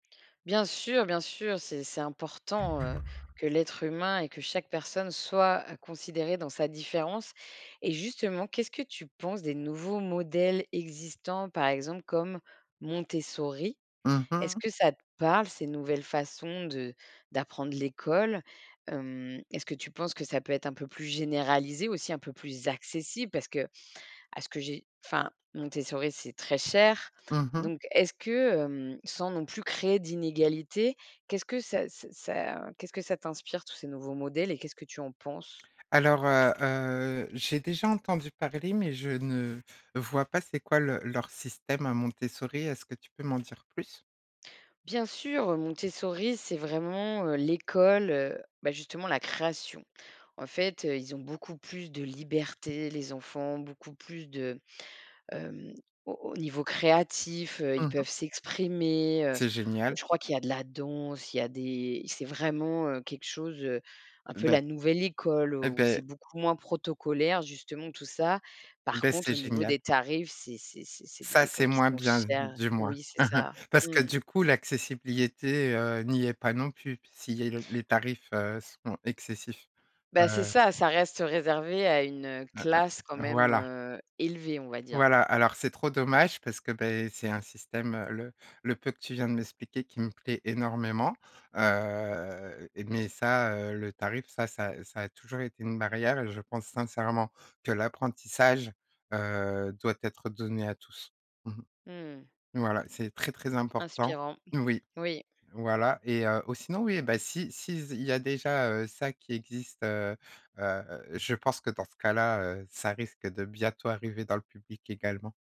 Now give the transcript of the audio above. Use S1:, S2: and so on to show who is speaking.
S1: Bien sûr, bien sûr, c'est c'est important, heu, que l'être humain et que chaque personne soit à considérer dans sa différence, et justement, qu'est-ce que tu penses des nouveaux modèles existants, par exemple comme Montessori?
S2: Mmh
S1: Est-ce
S2: mh.
S1: que ça te parle ces nouvelles façons de d'apprendre l'école? Hem, est-ce que tu penses que ça peut être un peu plus généralisé aussi, un peu plus accessible? Parce qu'à ce que j'ai enfin, Montessori, c'est très cher,
S2: Mmh mh.
S1: donc est-ce que, hem, sans non plus créer d'inégalité, qu'est-ce que ça ça ça, heu, qu'est-ce que ça t'inspire, tous ces nouveaux modèles et qu'est-ce que tu en penses?
S2: Alors, heu heu, j'ai déjà entendu parler, mais je ne vois pas c'est quoi le leur système à Montessori, est-ce que tu peux m'en dire plus?
S1: Bien sûr, Montessori c'est vraiment, heu, l'école, heu, bah, justement, la création, en fait, heu, ils ont beaucoup plus de liberté les enfants, beaucoup plus de, hem, au au niveau créatif, heu,
S2: Mmh
S1: ils
S2: mh.
S1: peuvent s'exprimer, heu,
S2: C'est génial!
S1: je crois qu'il y a de la danse, il y a des c'est vraiment, heu, quelque chose, heu, un peu
S2: Beh
S1: la nouvelle école,
S2: Eh
S1: où
S2: beh
S1: c'est beaucoup moins protocolaire, justement, tout ça. Par
S2: Beh, c'est
S1: contre, au niveau
S2: génial!
S1: des tarifs, c'est c'est c'est c'est des
S2: Ça, c'est
S1: écoles qui
S2: moins
S1: sont
S2: bien,
S1: chères.
S2: du moins
S1: Oui, c'est ça.
S2: parce que,
S1: Mmh.
S2: du coup, l'accessibilité, heu, n'y est pas non plus s'il y a le les tarifs, heu, sont excessifs,
S1: Bah, c'est
S2: heu
S1: ça, ça reste réservé à une, heu,
S2: Hein
S1: classe quand
S2: hein.
S1: même,
S2: Voilà
S1: heu, élevée, on va dire.
S2: voilà, alors c'est trop dommage parce que, beh, c'est un système, heu, le le peu que tu viens de m'expliquer, qui me plaît énormément, heu, et mais ça, heu, le tarif, ça ça, heu, ça a toujours été une barrière et je pense sincèrement que l'apprentissage, heu, doit être donné à tous, mmh
S1: Mmh.
S2: mh voilà, c'est très, très important
S1: Inspirant.
S2: oui,
S1: Oui.
S2: voilà, et heu, ou sinon, oui, eh beh, si si z il y a, déjà, heu, ça qui existe, heu heu, je pense que dans ce cas-là, heu, ça risque de bientôt arriver dans le public également.